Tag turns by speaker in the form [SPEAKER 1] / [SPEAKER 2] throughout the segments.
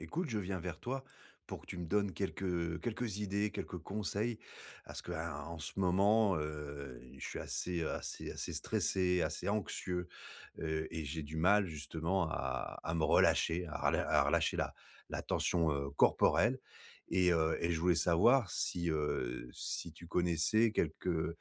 [SPEAKER 1] Écoute, je viens vers toi pour que tu me donnes quelques, heu, quelques idées, quelques conseils, parce ce que, hein, en ce moment, heu, je suis assez, heu, assez assez stressé, assez anxieux, heu et j'ai du mal justement à à me relâcher, à relâ à relâcher la la tension, heu, corporelle et heu et je voulais savoir si, heu, si tu connaissais quelques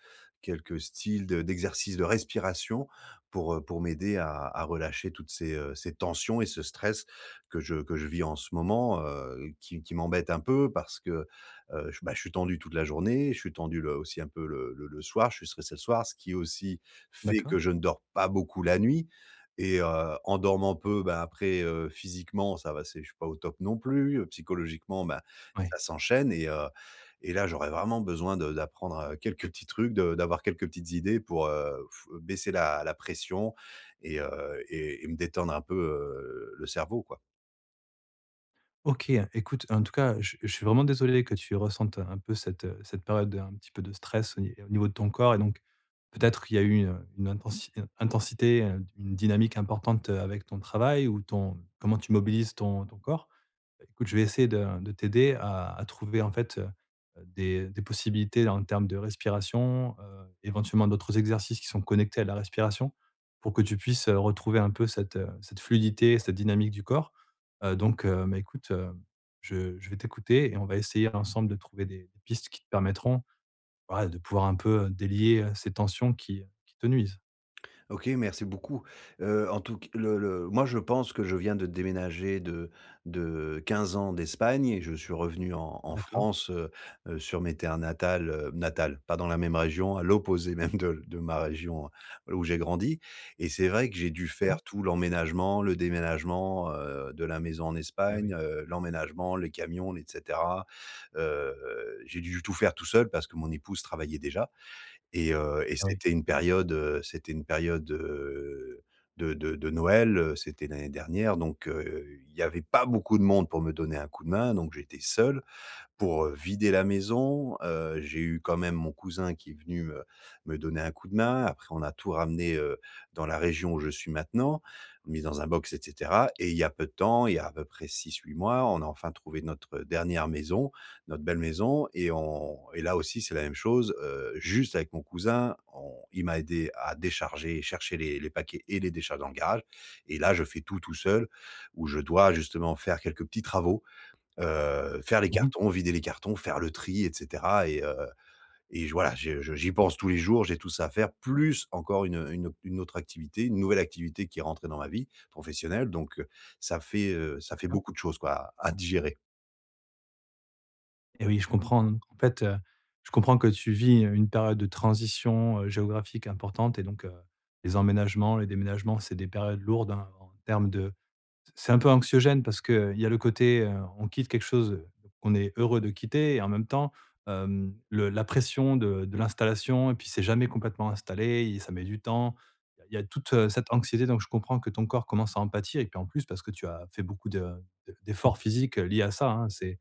[SPEAKER 1] quelques styles de d'exercices de respiration pour, heu, pour m'aider à à relâcher toutes ces, heu, ces tensions et ce stress que je que je vis en ce moment, heu, qui qui m'embête un peu parce que, heu, je bah je suis tendu toute la journée, je suis tendu le aussi un peu le le le soir, je suis stressé le soir, ce qui est aussi fait
[SPEAKER 2] D'accord.
[SPEAKER 1] que je ne dors pas beaucoup la nuit et heu, en dormant peu, bah, après, heu, physiquement, ça va c'est je suis pas au top non plus, psychologiquement, bah,
[SPEAKER 2] Oui.
[SPEAKER 1] ça s'enchaîne et heu, et là j'aurais vraiment besoin de d'apprendre, heu, quelques petits trucs, de d'avoir quelques petites idées pour, heu, pff, baisser la la pression et heu et et me détendre un peu, heu, le cerveau, quoi.
[SPEAKER 2] OK, heu, écoute, en tout cas, je je suis vraiment désolé que tu ressentes un peu cette, heu, cette période de un petit peu de stress, au ni au niveau de ton corps et donc, peut-être, qu'il y a eu, heu, une intensi intensité, heu, une dynamique importante avec ton travail ou ton comment tu mobilises ton ton corps. Écoute, je vais essayer de de t'aider à à trouver en fait, heu, des des possibilités, en termes de respiration, heu, éventuellement, d'autres exercices, qui sont connectés à la respiration, pour que tu puisses, heu, retrouver un peu cette cette fluidité, cette dynamique du corps, heu, donc heu, mais écoute, heu, je je vais t'écouter et on va essayer ensemble de trouver des des pistes qui te permettront voilà de pouvoir, un peu, délier ces tensions qui qui te nuisent.
[SPEAKER 1] OK, merci beaucoup, heu, en tout c le le moi, je pense que je viens de déménager de de 15 ans d'Espagne et je suis revenu en en
[SPEAKER 2] D'accord.
[SPEAKER 1] France, heu heu, sur mes terres natales, heu, natales, pas dans la même région, à l'opposé même de de ma région, heu, où j'ai grandi et c'est vrai que j'ai dû faire
[SPEAKER 2] D'accord.
[SPEAKER 1] tout l'emménagement, le déménagement, heu, de la maison en
[SPEAKER 2] Eh oui.
[SPEAKER 1] Espagne, heu, l'emménagement, les camions, et cetera, heu, j'ai dû tout faire tout seul parce que mon épouse travaillait déjà et heu et
[SPEAKER 2] Eh oui.
[SPEAKER 1] c'était une période, heu c'était une période, heu, de de de Noël, heu, c'était l'année dernière, donc heu, il y avait pas beaucoup de monde pour me donner un coup de main, donc j'étais seul pour, heu, vider la maison, heu, j'ai eu quand même mon cousin qui est venu me me donner un coup de main. Après, on a tout ramené, heu, dans la région où je suis maintenant, mis dans un box et cetera et il y a peu de temps, il y a à peu près 6-8 mois, on a enfin trouvé notre dernière maison, notre belle maison et on et là aussi, c'est la même chose, heu, juste avec mon cousin, on il m'a aidé à décharger et chercher les les paquets et les décharger dans le garage et là, je fais tout, tout seul, où je dois, justement, faire quelques petits travaux, heu, faire les
[SPEAKER 2] Mmh mh.
[SPEAKER 1] cartons, vider les cartons, faire le tri et cetera et heu, et j voilà, je j'y pense tous les jours. J'ai tout ça à faire, plus encore une une au une autre activité, une nouvelle activité, qui est rentrée dans ma vie professionnelle, donc heu, ça fait, heu, ça fait
[SPEAKER 2] D'accord.
[SPEAKER 1] beaucoup de choses, quoi, à à digérer.
[SPEAKER 2] Eh oui, je comprends, en fait, heu, je comprends que tu vis, heu, une période de transition, heu, géographique importante et donc heu, les emménagements, les déménagements, c'est des périodes lourdes, hein, en termes de c c'est un peu anxiogène parce qu'il y a le côté, heu, on quitte quelque chose qu'on est heureux de quitter et en même temps, hem, le la pression de de l'installation et puis c'est jamais complètement installé et ça met du temps. Il y a toute cette anxiété donc je comprends que ton corps commence à en pâtir et puis en plus parce que tu as fait beaucoup de de d'efforts physiques liés à ça hein, c'est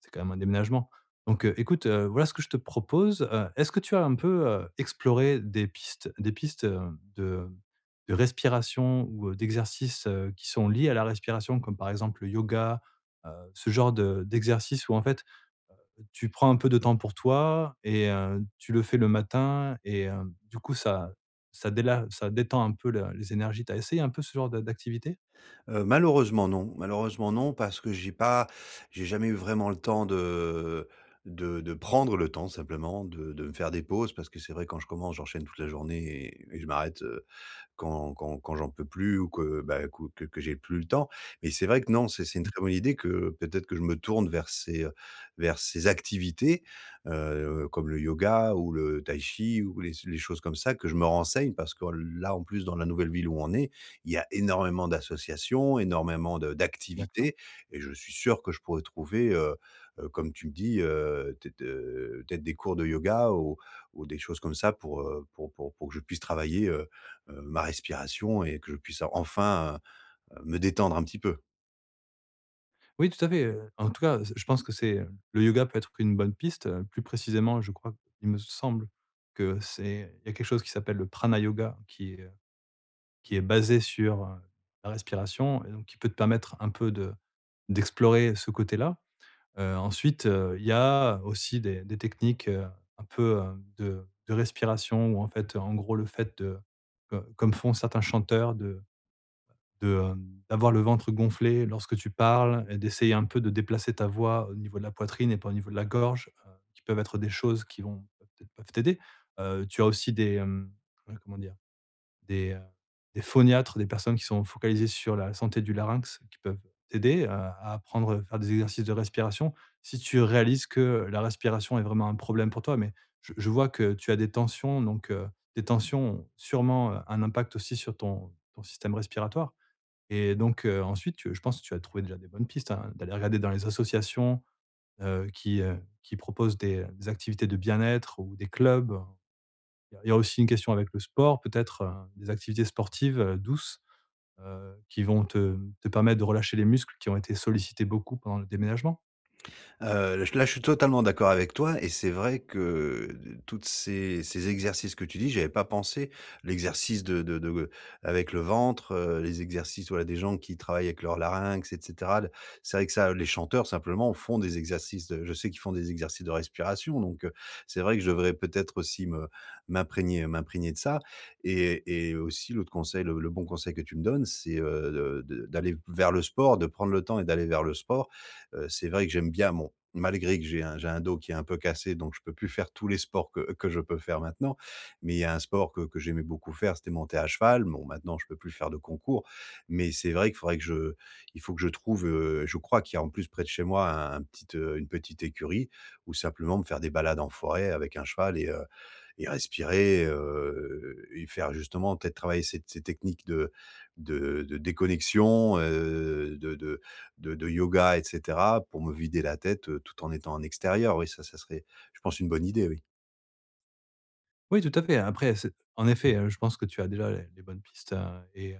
[SPEAKER 2] c'est quand même un déménagement, donc heu, écoute, heu, voilà ce que je te propose, heu, est-ce que tu as un peu, heu, exploré des pistes des pistes, heu, de de respiration ou, heu, d'exercices, heu, qui sont liés à la respiration comme par exemple le yoga, heu, ce genre de d'exercices où, en fait, heu, tu prends un peu de temps pour toi et heu, tu le fais le matin et heu, du coup ça ça déla ça détend un peu le les énergies. Tu as essayé un peu ce genre de d'activité?
[SPEAKER 1] Heu, malheureusement non malheureusement non, parce que j'ai pas j'ai jamais eu vraiment le temps de de de prendre le temps simplement de de me faire des pauses parce que c'est vrai quand je commence, j'enchaîne toute la journée et et je m'arrête, heu, quand quand quand j'en peux plus ou que, bah, que que j'ai plus le temps et c'est vrai que non, c'est c'est une
[SPEAKER 2] Mmh
[SPEAKER 1] très
[SPEAKER 2] mh.
[SPEAKER 1] bonne idée que peut-être que je me tourne vers ces vers ces activités, heu, comme le yoga ou le Tai Chi ou les s les choses comme ça que je me renseigne parce que là, en plus, dans la nouvelle ville où on est, il y a énormément d'associations, énormément de
[SPEAKER 2] D'accord.
[SPEAKER 1] d'activités et je suis sûr que je pourrais trouver, heu heu, comme tu me dis, heu, t de, heu, peut être, heu, peut être des cours de yoga ou ou des choses comme ça pour, heu, pour pour pour que je puisse travailler, heu heu, ma respiration et que je puisse enfin, heu, me détendre un petit peu.
[SPEAKER 2] Oui, tout à fait, heu, en tout cas, heu, s je pense que c'est le yoga peut être une bonne piste, heu, plus précisément, heu, je crois, il me semble que c'est il y a quelque chose qui s'appelle le prana yoga qui est qui est basé sur, heu, la respiration et donc qui peut te permettre un peu de d'explorer ce côté-là, heu, ensuite, heu, il y a aussi des des techniques, heu, un peu, hem, de de respiration où en fait, en gros, le fait de, heu, comme font certains chanteurs de de, hem, d'avoir le ventre gonflé lorsque tu parles et d'essayer un peu de déplacer ta voix au niveau de la poitrine et pas au niveau de la gorge, heu, qui peuvent être des choses qui vont peut-être peuvent t'aider, heu, tu as aussi des, hem, ouais comment dire? Des, hem, des phoniatres, des personnes qui sont focalisées sur la santé du larynx qui peuvent t'aider à à apprendre à faire des exercices de respiration. Si tu réalises que la respiration est vraiment un problème pour toi, mais je je vois que tu as des tensions, donc heu, des tensions ont sûrement, heu, un impact aussi sur ton ton système respiratoire et donc heu, ensuite tu je pense que tu as trouvé déjà des bonnes pistes, hein, d'aller regarder dans les associations, heu, qui, heu, qui proposent des des activités de bien-être ou des clubs. Il y a il y a aussi une question avec le sport, peut-être, heu, des activités sportives, heu, douces, heu, qui vont te te permettre de relâcher les muscles qui ont été sollicités beaucoup pendant le déménagement.
[SPEAKER 1] Heu, le là, je suis totalement d'accord avec toi. Et c'est vrai que toutes ces ces exercices que tu dis, j'y avais pas pensé. L'exercice de de de g avec le ventre, heu, les exercices, voilà, des gens qui travaillent avec leurs larynx, et cetera l C'est vrai que ça, heu, les chanteurs simplement font des exercices de je sais qu'ils font des exercices de respiration, donc heu, c'est vrai que je devrais peut-être aussi me m'imprégner m'imprégner de ça. Et et aussi, l'autre conseil, le le bon conseil que tu me donnes, c'est, heu, de de d'aller vers le sport, de prendre le temps et d'aller vers le sport. Heu, c'est vrai que j'aime bien mon malgré que j'ai un j'ai un dos qui est un peu cassé, donc je peux plus faire tous les sports que que je peux faire maintenant. Mais il y a un sport que que j'aimais beaucoup faire, c'était monter à cheval. Bon, maintenant, je peux plus faire de concours. Mais c'est vrai qu'il faudrait que je il faut que je trouve, heu, je crois qu'il y a en plus près de chez moi un un petite heu, une petite écurie. Ou simplement me faire des balades en forêt avec un cheval et heu, et respirer, heu, et faire justement peut-être travailler ces te ces techniques de de de déconnexion, heu, de de de de de yoga, et cetera pour me vider la tête, heu, tout en étant en extérieur. Oui ça, ça serait, je pense, une bonne idée oui.
[SPEAKER 2] Oui, tout à fait, après, c'est en effet, heu, je pense que tu as déjà, heu, les bonnes pistes, heu et heu,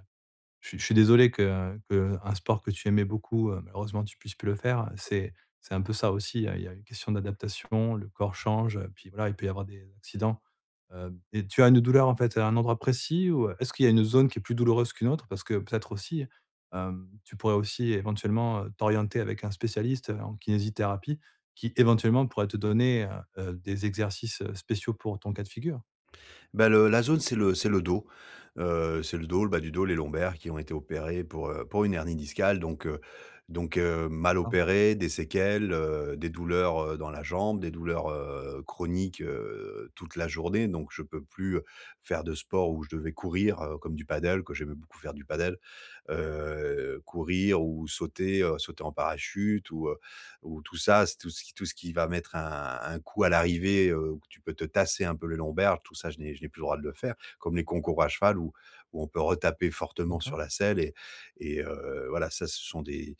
[SPEAKER 2] je je suis désolé que, heu que, heu, un sport que tu aimais beaucoup, heu, malheureusement, tu puisses plus le faire, heu, c'est c'est un peu ça aussi, heu, il y a une question d'adaptation, le corps change, heu, puis voilà, il peut y avoir des accidents, heu et tu as une douleur, en fait, à un endroit précis ou est-ce qu'il y a une zone qui est plus douloureuse qu'une autre? Parce que, peut-être, aussi, hem, tu pourrais aussi éventuellement, heu, t'orienter avec un spécialiste en kinésithérapie qui, éventuellement, pourrait te donner, heu heu, des exercices, heu, spéciaux pour ton cas de figure.
[SPEAKER 1] Bah, le la zone, c'est le c'est le dos, heu, c'est le dos, le bas du dos, les lombaires, qui ont été opérées pour, heu, pour une hernie discale, donc heu donc heu, mal
[SPEAKER 2] D'accord.
[SPEAKER 1] opérées, des séquelles, heu, des douleurs, heu, dans la jambe, des douleurs, heu, chroniques, heu, toute la journée, donc je peux plus, heu, faire de sport où je devais courir, heu, comme du paddle, que j'aimais beaucoup faire du paddle, heu, courir ou sauter, heu, sauter en parachute ou, heu, ou, tout ça, tout ce qui tout ce qui va mettre un un coup à l'arrivée, heu, où tu peux te tasser un peu les lombaires tout ça, je n'ai je n'ai plus le droit de le faire comme les concours à cheval où où on peut retaper fortement
[SPEAKER 2] D'accord.
[SPEAKER 1] sur la selle et et heu, voilà, ça, ce sont des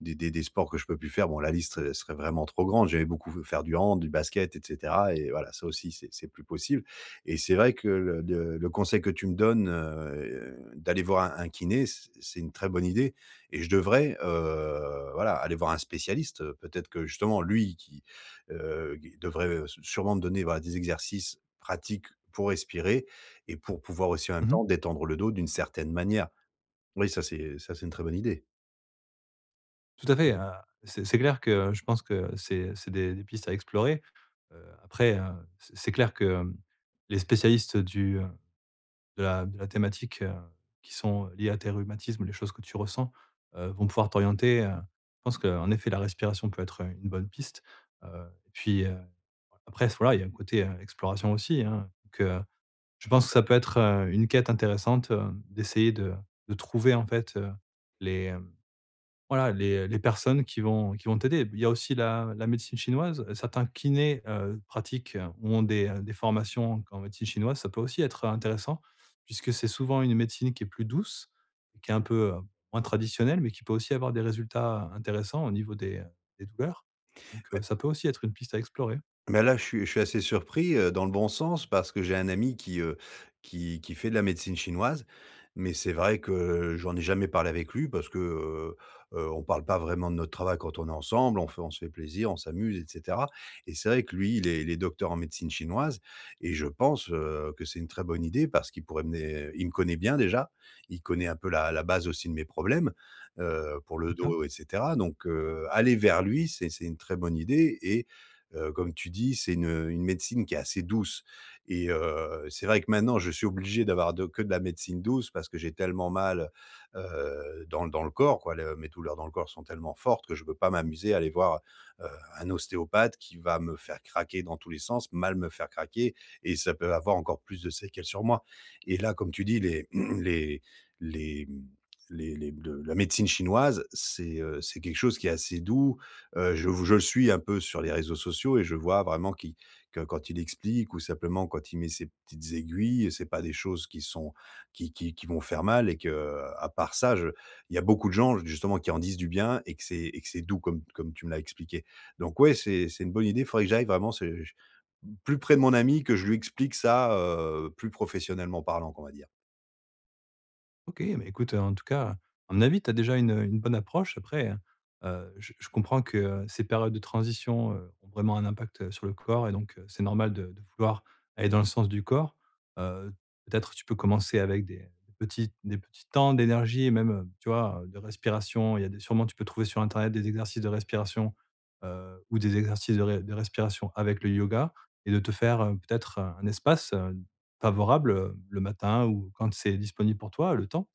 [SPEAKER 1] des des des sports que je peux plus faire, bon, la liste, heu, serait vraiment trop grande. J'aimais beaucoup faire du hand, du basket et cetera et voilà, ça aussi, c'est -c'est plus possible et c'est vrai que le de le conseil que tu me donnes, heu, d'aller voir un un kiné, c'est c'est une très bonne idée et je devrais, heu, voilà, aller voir un spécialiste, heu, peut-être que, justement lui, qui, heu, gue devrait, heu, s sûrement me donner, bah, des exercices pratiques pour respirer et pour pouvoir aussi, en même
[SPEAKER 2] Mmh mh.
[SPEAKER 1] temps, détendre le dos d'une certaine manière. Oui, ça, c'est, heu, ça, c'est une très bonne idée.
[SPEAKER 2] Tout à fait. Heu, c'est c'est clair que je pense que c'est c'est des des pistes à explorer. Heu, après heu, c'est c'est clair que, hem, les spécialistes du, heu, de la de la thématique, heu, qui sont liées à tes rhumatismes, les choses que tu ressens, heu, vont pouvoir t'orienter. Heu, je pense qu'en effet, la respiration peut être une bonne piste. Heu et puis, après, s voilà, il y a un côté exploration aussi, hein. Donc heu, je pense que ça peut être, heu, une quête intéressante, heu, d'essayer de de trouver, en fait, heu, les, hem, voilà, les les personnes qui vont qui vont t'aider. Il y a aussi la la médecine chinoise. Certains kinés, heu, pratiquent ou ont des des formations en q en médecine chinoise, ça peut aussi être intéressant, puisque c'est souvent une médecine qui est plus douce, et qui est un peu, heu, moins traditionnelle, mais qui peut aussi avoir des résultats intéressants au niveau des des douleurs. Donc
[SPEAKER 1] Ouais.
[SPEAKER 2] ça peut aussi être une piste à explorer.
[SPEAKER 1] Mais là, je suis je suis assez surpris, heu, dans le bon sens, parce que j'ai un ami qui heu, qui qui fait de la médecine chinoise. Mais c'est vrai que j'en ai jamais parlé avec lui parce que, heu heu, on parle pas vraiment de notre travail quand on est ensemble. On fait on se fait plaisir, on s'amuse, et cetera. Et c'est vrai que lui, il est il est docteur en médecine chinoise et je pense, heu, que c'est une très bonne idée parce qu'il pourrait mener. Il me connaît bien déjà, il connaît un peu la la base aussi de mes problèmes, heu, pour le
[SPEAKER 2] D'accord.
[SPEAKER 1] dos, et cetera. Donc heu, aller vers lui, c'est c'est une très bonne idée. Et heu, comme tu dis, c'est une, heu, une médecine qui est assez douce. Et heu, c'est vrai que maintenant je suis obligé d'avoir de que de la médecine douce parce que j'ai tellement mal, heu, dans dans le corps, quoi. Mes douleurs dans le corps sont tellement fortes que je peux pas m'amuser à aller voir, heu, un ostéopathe qui va me faire craquer dans tous les sens, mal me faire craquer et ça peut avoir encore plus de séquelles sur moi. Et là, comme tu dis, les les les, mmh, les les le la médecine chinoise, c'est heu, c'est quelque chose qui est assez doux. Heu, je vous je le suis un peu sur les réseaux sociaux et je vois vraiment qui que, quand il explique ou simplement quand il met ses petites aiguilles, c'est pas des choses qui sont qui qui qui vont faire mal. Et que, à part ça, je il y a beaucoup de gens, justement, qui en disent du bien et que c'est et que c'est doux comme comme tu me l'as expliqué. Donc ouais, c'est c'est une bonne idée. Il faudrait que j'aille, vraiment, c'est j plus près de mon ami que je lui explique ça, heu, plus professionnellement parlant, quoi, on va dire.
[SPEAKER 2] OK, mais écoute, en tout cas, à mon avis, tu as déjà une une bonne approche. Après heu, j je comprends que, heu, ces périodes de transition, heu, ont vraiment un impact, heu, sur le corps et donc heu, c'est normal de de vouloir aller dans le sens du corps. Heu, peut-être tu peux commencer avec des des petits des petits temps d'énergie et même, heu, tu vois? De respiration. Il y a des sûrement, tu peux trouver sur internet des exercices de respiration, heu, ou des exercices de res respiration avec le yoga et de te faire, heu, peut-être, heu, un espace, heu, favorable, heu, le matin ou quand c'est disponible pour toi. Le temps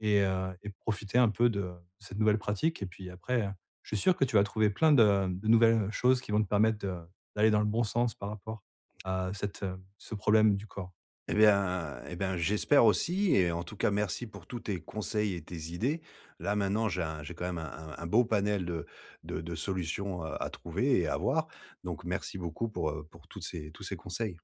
[SPEAKER 2] et heu et profiter un peu de de cette nouvelle pratique et puis, après, je suis sûr que tu vas trouver plein de, hem, nouvelles choses qui vont te permettre de d'aller dans le bon sens par rapport à cette, heu ce problème du corps.
[SPEAKER 1] Et bien, et ben, j'espère aussi et en tout cas, merci pour tous tes conseils et tes idées. Là, maintenant, j'ai un j'ai quand même un un beau panel de de de solutions à trouver et à voir, donc merci beaucoup pour heu, pour toutes ces tous ces conseils.